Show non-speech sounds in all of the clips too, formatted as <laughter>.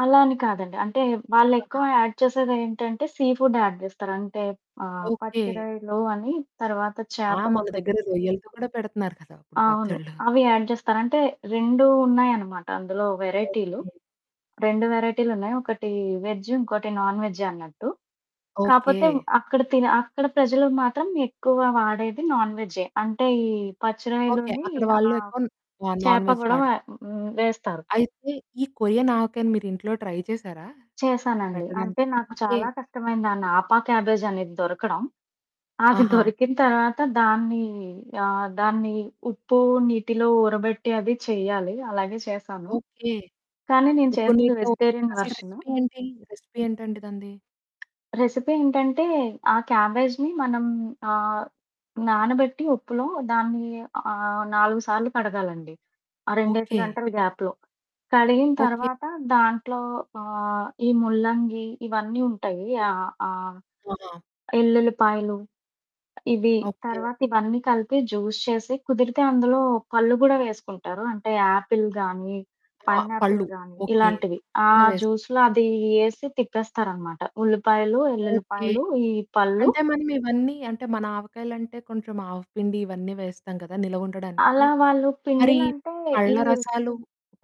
అలా అని కాదండి. అంటే వాళ్ళెక్కువ <unintelligible> యాడ్ చేసేది ఏంటంటే సీ ఫుడ్ యాడ్ చేస్తారు అంటే, ఆహ్, ఓకె. పచ్చి రొయలు అని తరువాత ఆ! మన చేపలొకటి. దగ్గర రొయ్యలతో కూడా పెడుతున్నారు కదా ఇప్పుడు అవును. పచ్చడ్లు. అవి యాడ్ జేస్తారు, అంటే 2 ఉన్నాయనమాట, అందులో ఓకె. వేరైటీలు 2 వేరైటీలు ఉన్నాయి. ఒకటి వేజ్జు ఇంకోటి నాన్ వేజ్ అన్నట్టు. కాపోతే ఓకె. అక్కడ తినె అక్కడ ప్రజలు మాత్రం ఎక్కువ వాడేది నాన్ వేజ్జే అంటే ఈ ఓకె. పచ్చిరొయలుని అక్కడ వాళ్ళు ఆహ్, ఎక్కువ న్ నా నాన్ చేప వేజ్ కూడా వ పాడత హ్మ్, వేస్తారు అయితే ఈ కొరియన్ ఆవకాయని మీరింట్లో ట్రై చేసారా చేశానండి. అంటే పెట్టడానికి? నాకు ఓకె. చాలా కష్టమైంది. ఆ నాపా క్యాబేజు అనేది దొరకడం, అది ఆహా! దొరికిన తర్వాత దాన్ని ఆహ్, దాన్ని ఉప్పు నీటిలో ఊరబెట్టి అది చెయ్యాలి, అలాగే చేశాను. ఓకె. కానీ నేను ఉప్పు చేసింది నీటిలో వెజిటేరియన్ అసలు వెర్షను. రెసిపీ ఏంటి రెసిపీ ఏంటండి దానిది? రెసిపీ ఏంటంటే, ఆ క్యాబేజ్‌ని మనం ఆహ్, నానబెట్టి ఉప్పులో దాన్ని ఆహ్, 4 సార్లు కడగాలండి. ఆ రెండేసి ఓకె. గంటలు గాప్‌లో కడిగిన ఓకె. తరువాత దాంట్లో ఆహ్, ఈ ముల్లంగి, ఇవన్నీ ఉంటాయి ఆహ్, ఆహ్, ఆహా! యెల్లుల్లిపాయలు ఇవి ఓకె. తర్వాత ఇవన్నీకలిపి జ్యూస్ చేసి కుదిరితే అందులో పళ్ళు గూడా వేసుకుంటారు. అంటే ఆపిల్ గానీ, ఆ! పైనాపిల్ పళ్ళు గానీ ఓకె. ఇలాంటివి. ఆ కూడ వేస్త్ జ్యూస్‌లో అది యేసి తిప్పేస్తారనమాట ఉల్లిపాయలు, ఓకె. యెల్లుల్లిపాయలు ఈ పళ్ళు. అంటే మనం ఇవన్నీ అంటే మన ఆవకాయలంటే కొంచెం ఆవపిండి ఇవన్నీ వేస్తాం కదా! నిలవుండడానికి. అలా వాళ్ళు మరి పిండిలంటే ఈ పళ్ళ రసాలు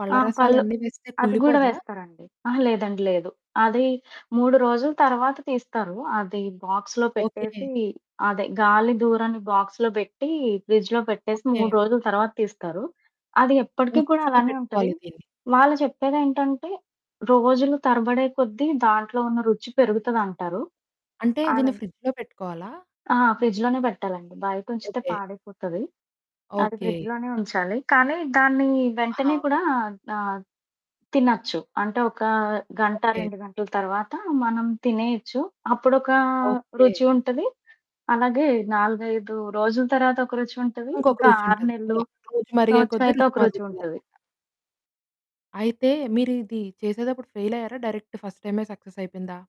పళ్ళ ఆ! రసాలు పళ్ళు అన్నీ వేస్తే అది గూడా కుళ్ళిపోదా? వేస్తారండి. అహా! లేదండి, లేదు. అది 3 రోజుల తర్వాత తీస్తారు అది బాక్స్‌లో ఓకె. పెట్టేసి, అదే గాలి దూరని బాక్స్‌లో బెట్టి ఫ్రిడ్జ్‌లో పెట్టేసి ఓకె. 3 రోజుల తర్వాత తీస్తారు. అది ఎప్పటికి కూడా ఫ్రిడ్జ్‌లో అలానే ఉంటది పెట్టుకోవాలి దీన్ని. వాళ్ళు చెప్పేదేంటంటే రోజులు తరబడే కొద్దీ దాంట్లో ఉన్న రుచి పెరుగుతదంటారు అంటే దీన్ని అలాగే ఫ్రిడ్జ్‌లో పెట్టుకోవాలా? ఆ! ఫ్రిడ్జ్‌లో‌నే పెట్టాలండి. బయటుంచితే ఓకె. పాడైపోతది. అది ఓకె. ఫ్రిడ్జ్‌లో‌నే ఉంచాలి. కానీ దాన్ని వెంటనే ఆహా! కూడా ఆద్ ఆద్ తినొచ్చు. అంటే ఒక గంట, ఓకె. 2 గంటల తర్వాత మనం తినేయొచ్చు. అప్పుడొకా ఓకె. రుచి ఉంటది, అలాగే 4, 5 రోజుల తర్వాత ఒక రుచి ఉంటది, ఇంకొక ఇంకా రుచి 6 ఉంటది. నెలలు, అలా రోజు మరిగే సంవత్సరం కొద్దీ అయితే రుచి ఒక రుచి మరుగుతుందనమాట. ఉంటది. అయితే మీరు ఇది చేసేతప్పుడు ఫెయిల్ అయ్యారా? డైరెక్ట్ ఫస్ట్ టైమే సక్సెస్ అయిపోయిందా?